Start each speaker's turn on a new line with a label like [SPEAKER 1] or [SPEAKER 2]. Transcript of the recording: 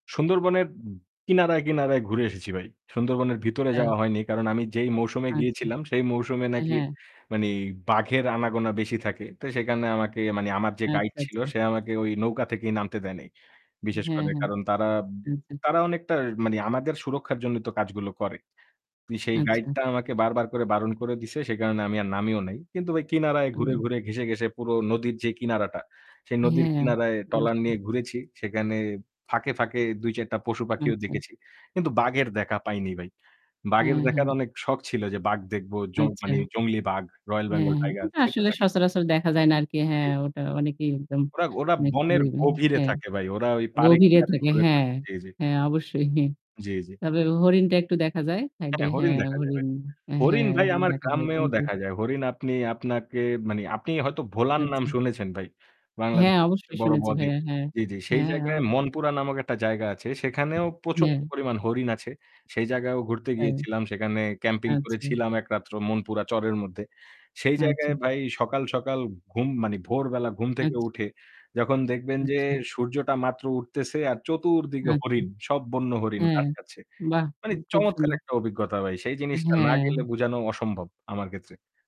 [SPEAKER 1] সুন্দরবনের উম কিনারায়, কিনারায় ঘুরে এসেছি ভাই। সুন্দরবনের ভিতরে যাওয়া
[SPEAKER 2] এই
[SPEAKER 1] হয়নি কারণ আমি যেই মৌসুমে
[SPEAKER 2] আচ্ছা।
[SPEAKER 1] গিয়েছিলাম সেই মৌসুমে
[SPEAKER 2] অ্যা
[SPEAKER 1] নাকি
[SPEAKER 2] হ্যাঁ।
[SPEAKER 1] মানে বাঘের আনাগোনা বেশি থাকে। তো সেখানে আমাকে মানে আমার যে গাইড
[SPEAKER 2] আচ্চা
[SPEAKER 1] ছিল,
[SPEAKER 2] আচ্চা।
[SPEAKER 1] সে আমাকে ওই নৌকা থেকেই নামতে দেয় নাই। বিশেষ
[SPEAKER 2] হ্যাঁ,
[SPEAKER 1] করে
[SPEAKER 2] হ্যাঁ।
[SPEAKER 1] কারণ তারা,
[SPEAKER 2] আচ্ছা, আচ্ছা।
[SPEAKER 1] তারা অনেকটা মানে আমাদের সুরক্ষার জন্যই তো কাজগুলো করে। পি সেই
[SPEAKER 2] আচ্ছা।
[SPEAKER 1] গাইডটা আমাকে বারবার করে বারণ করে দিছে। সেই কারণে আমি আর নামিও নাই। কিন্তু ভাই কিনারায় ঘুরে,
[SPEAKER 2] আমি
[SPEAKER 1] ঘুরে, ঘেঁষে, ঘেঁষে পুরো নদীর যেই কিনারাটা, সেই নদীর
[SPEAKER 2] হ্যাঁ,
[SPEAKER 1] কিনারায়
[SPEAKER 2] আ
[SPEAKER 1] ট্রলার
[SPEAKER 2] অবশ্যই।
[SPEAKER 1] নিয়ে ঘুরেছি। সেখানে ফাঁকে, ফাঁকে ২-৪ টা পশুপাখিও
[SPEAKER 2] আচ্ছা।
[SPEAKER 1] দেখেছি। কিন্তু বাঘের দেখা পাইনি ভাই।
[SPEAKER 2] অ্যা
[SPEAKER 1] বাঘের দেখার
[SPEAKER 2] হ্যাঁ।
[SPEAKER 1] অনেক শখ ছিল যে বাঘ দেখব। জং
[SPEAKER 2] আচ্ছা।
[SPEAKER 1] মানে জংলি বাঘ, রয়েল
[SPEAKER 2] অ্যাঁ
[SPEAKER 1] বেঙ্গল
[SPEAKER 2] হ্যাঁ।
[SPEAKER 1] টাইগার
[SPEAKER 2] ওটা
[SPEAKER 1] সেটা
[SPEAKER 2] আসলে
[SPEAKER 1] দেখার
[SPEAKER 2] সচরাচর দেখা যায় না আর কি।
[SPEAKER 1] জি।
[SPEAKER 2] হ্যাঁ, ওটা অনেকেই একদম
[SPEAKER 1] ওরা, ওরা
[SPEAKER 2] মানে
[SPEAKER 1] বনের
[SPEAKER 2] খুবই
[SPEAKER 1] গভীরে
[SPEAKER 2] হ্যাঁ।
[SPEAKER 1] থাকে ভাই। ওরা ওই পাড়ে
[SPEAKER 2] গভীরে
[SPEAKER 1] কিনারে
[SPEAKER 2] থাকে,
[SPEAKER 1] ঘুরে না।
[SPEAKER 2] হ্যাঁ।
[SPEAKER 1] জি, জি।
[SPEAKER 2] হ্যাঁ, অবশ্যই।
[SPEAKER 1] জি, জি।
[SPEAKER 2] তবে হরিণটা একটু দেখা যায়। সাইডে
[SPEAKER 1] হ্যাঁ, হরিণ
[SPEAKER 2] হ্যাঁ,
[SPEAKER 1] দেখা যাবে।
[SPEAKER 2] হরিণ। অ্যা
[SPEAKER 1] হরিণ
[SPEAKER 2] হ্যাঁ,
[SPEAKER 1] ভাই
[SPEAKER 2] হরিণ
[SPEAKER 1] আমার
[SPEAKER 2] দেখা যায়
[SPEAKER 1] গ্রামেও
[SPEAKER 2] কিন্তু
[SPEAKER 1] দেখা যায়। হরিণ আপনি আপনাকে মানে; আপনি হয়তো ভোলার নাম
[SPEAKER 2] আচ্ছা।
[SPEAKER 1] শুনেছেন ভাই।
[SPEAKER 2] হ্যাঁ,
[SPEAKER 1] বাংলাদেশের
[SPEAKER 2] অবশ্যই
[SPEAKER 1] সবচেয়ে বড়
[SPEAKER 2] শুনেছি
[SPEAKER 1] ব-দ্বীপ
[SPEAKER 2] ভাইয়া। হ্যাঁ।
[SPEAKER 1] জি, জি। সেই
[SPEAKER 2] হ্যাঁ,
[SPEAKER 1] জায়গায়
[SPEAKER 2] অবশ্যই।
[SPEAKER 1] মনপুরা নামক একটা জায়গা আছে সেখানেও প্রচণ্ড
[SPEAKER 2] [unintelligible]
[SPEAKER 1] পরিমাণ হরিণ আছে। সেই জায়গাও ঘুরতে
[SPEAKER 2] তাই?
[SPEAKER 1] গিয়েছিলাম। সেখানে ক্যাম্পিং
[SPEAKER 2] আচ্ছা।
[SPEAKER 1] করেছিলাম একরাত্র মনপুরা চরের মধ্যে। সেই
[SPEAKER 2] আচ্ছা।
[SPEAKER 1] জায়গায় ভাই সকাল, সকাল ঘুম মানে ভোরবেলা ঘুম থেকে
[SPEAKER 2] আচ্ছা।
[SPEAKER 1] উঠে যখন দেখবেন যে,
[SPEAKER 2] আচ্ছা।
[SPEAKER 1] সূর্যটা মাত্র উঠতেছে আর চতুর্দিকে
[SPEAKER 2] আচ্ছা।
[SPEAKER 1] হরিণ; সব বন্য হরিণ
[SPEAKER 2] অ্যা
[SPEAKER 1] ঘাস খাচ্ছে।
[SPEAKER 2] বাহ! খু
[SPEAKER 1] মানে
[SPEAKER 2] খুব
[SPEAKER 1] চমৎকার
[SPEAKER 2] সুন্দর।
[SPEAKER 1] একটা অভিজ্ঞতা ভাই। সেই
[SPEAKER 2] আ
[SPEAKER 1] জিনিসটা না গেলে
[SPEAKER 2] হ্যাঁ।
[SPEAKER 1] বোঝানো অসম্ভব আমার ক্ষেত্রে।